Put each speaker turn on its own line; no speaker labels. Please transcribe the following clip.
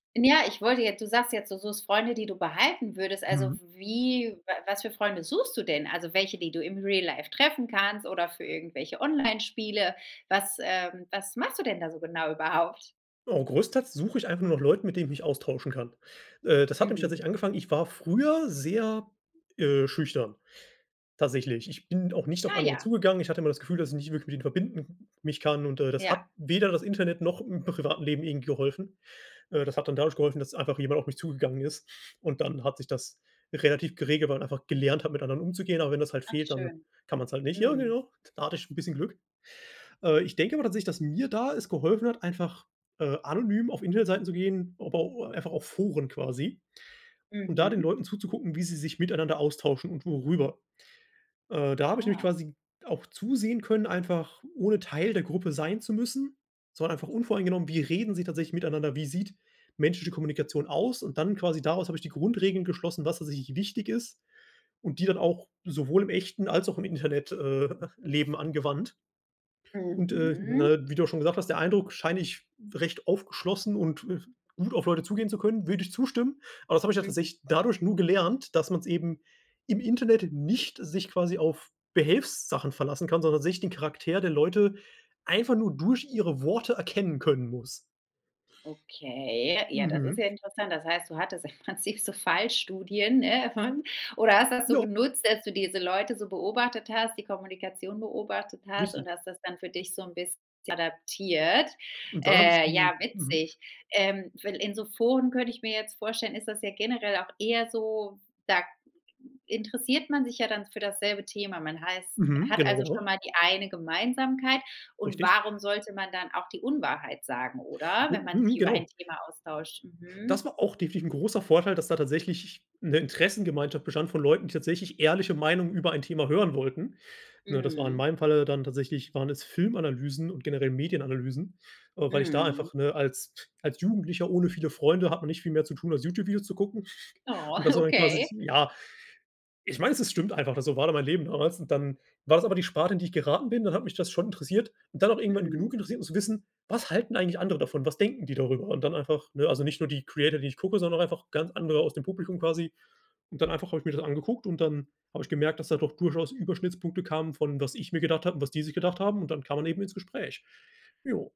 Ja, ich wollte jetzt du sagst jetzt, du suchst Freunde, die du behalten würdest. Also
Mhm.
w wie wa was für Freunde suchst du denn? Also welche, die du im Real Life treffen kannst oder für irgendwelche Onlinespiele? Was, ähm, was machst du denn da so genau überhaupt?
Oh, großteils suche ich einfach nach Leuten, mit denen ich mich austauschen kann. Äh, das hat nämlich
Mhm.
tatsächlich angefangen ich war früher sehr, äh, schüchtern, tatsächlich. Ich bin auch nicht auf
Ah
andere
ja.
zugegangen. Ich hatte immer das Gefühl, dass ich nicht wirklich mit ihnen verbinden mich kann und, äh, das
Ja.
hat weder das Internet noch im privaten Leben irgendwie geholfen. Äh, das hat dann dadurch geholfen, dass einfach jemand auf mich zugegangen ist und dann hat sich das relativ geregelt, man einfach gelernt hat, mit anderen umzugehen, aber wenn das halt
Ach
fehlt, dann
schön.
kann man's halt nicht. Ja
Mhm.
genau. Da hatte ich 'n bisschen Glück. Äh, ich denke aber tatsächlich, dass mir da es geholfen hat, einfach, äh, anonym auf Internetseiten zu gehen, aber o einfach auf Foren quasi und da den
Mhm.
Leuten zuzugucken, wie sie sich miteinander austauschen und worüber. Äh, da habe ich nämlich
Ah.
quasi auch zusehen können, einfach ohne Teil der Gruppe sein zu müssen. Es war einfach unvoreingenommen, wie reden sie tatsächlich miteinander? Wie sieht menschliche Kommunikation aus? Und dann, quasi daraus, hab ich die Grundregeln geschlossen, was tatsächlich wichtig ist und die dann auch sowohl im echten als auch im Internet, äh, Leben angewandt. Und, äh,
Mhm.
ne, wie du schon gesagt hast, der Eindruck scheine ich recht aufgeschlossen und, äh, gut auf Leute zugehen zu können. Würde ich zustimmen. Aber das habe ich ja
Mhm.
tatsächlich dadurch nur gelernt, dass man's eben im Internet nicht sich quasi auf Behelfssachen verlassen kann, sondern sich den Charakter der Leute einfach nur durch ihre Worte erkennen können muss.
Okay, ja, das ist
Mhm.
ja interessant. Das heißt, du hattest im Prinzip so Fallstudien. [unintelligible] Oder hast du das so
Ja.
genutzt, dass du diese Leute so beobachtet hast, die Kommunikation beobachtet hast
Richtig.
und hast das dann für dich so 'n bisschen adaptiert.
Und dann habe ich
Äh, ja,
die mhm.
witzig. Ähm, we in so Foren könnte ich mir jetzt vorstellen, ist das ja generell auch eher so, f da interessiert man sich ja dann für dasselbe Thema. Man heißt
Mhm,
hat
genau,
also schon
genau.
mal die eine Gemeinsamkeit und
Richtig.
warum sollte man dann auch die Unwahrheit sagen, oder, wenn man sich
Mhm,
über ein
genau.
Thema austauscht? Mhm.
Das war auch definitiv 'n großer Vorteil, dass da tatsächlich ch 'ne Interessengemeinschaft bestand von Leuten, die tatsächlich ehrliche Meinungen über ein Thema hören wollten. Ne, das war in
Mhm.
meinem Falle dann tatsächlich waren es Filmanalysen und generell Medienanalysen, äh, weil ich da
Mhm.
einfach, ne, als als Jugendlicher ohne viele Freunde hat man nicht viel mehr zu tun, als YouTube-Videos zu gucken.
Oh,
Und dass man dann quasi
okay.
ja, ich weiß, es stimmt einfach, so war da mein Leben damals. Dann war das aber die Sparte, in die ich geraten bin. Dann hat mich das schon interessiert und dann auch irgendwann
Mhm.
genug interessiert, um zu wissen, was halten eigentlich andere davon? Was denken die darüber? Und dann einfach, ne, also nicht nur die Creator, die ich gucke, sondern auch einfach ganz andere aus dem Publikum quasi. Und dann einfach habe ich mir das angeguckt und dann habe ich gemerkt, dass da doch durchaus Überschnittspunkte kamen von, was ich mir gedacht habe und was die sich gedacht haben. Und dann kam man eben ins Gespräch. Ja.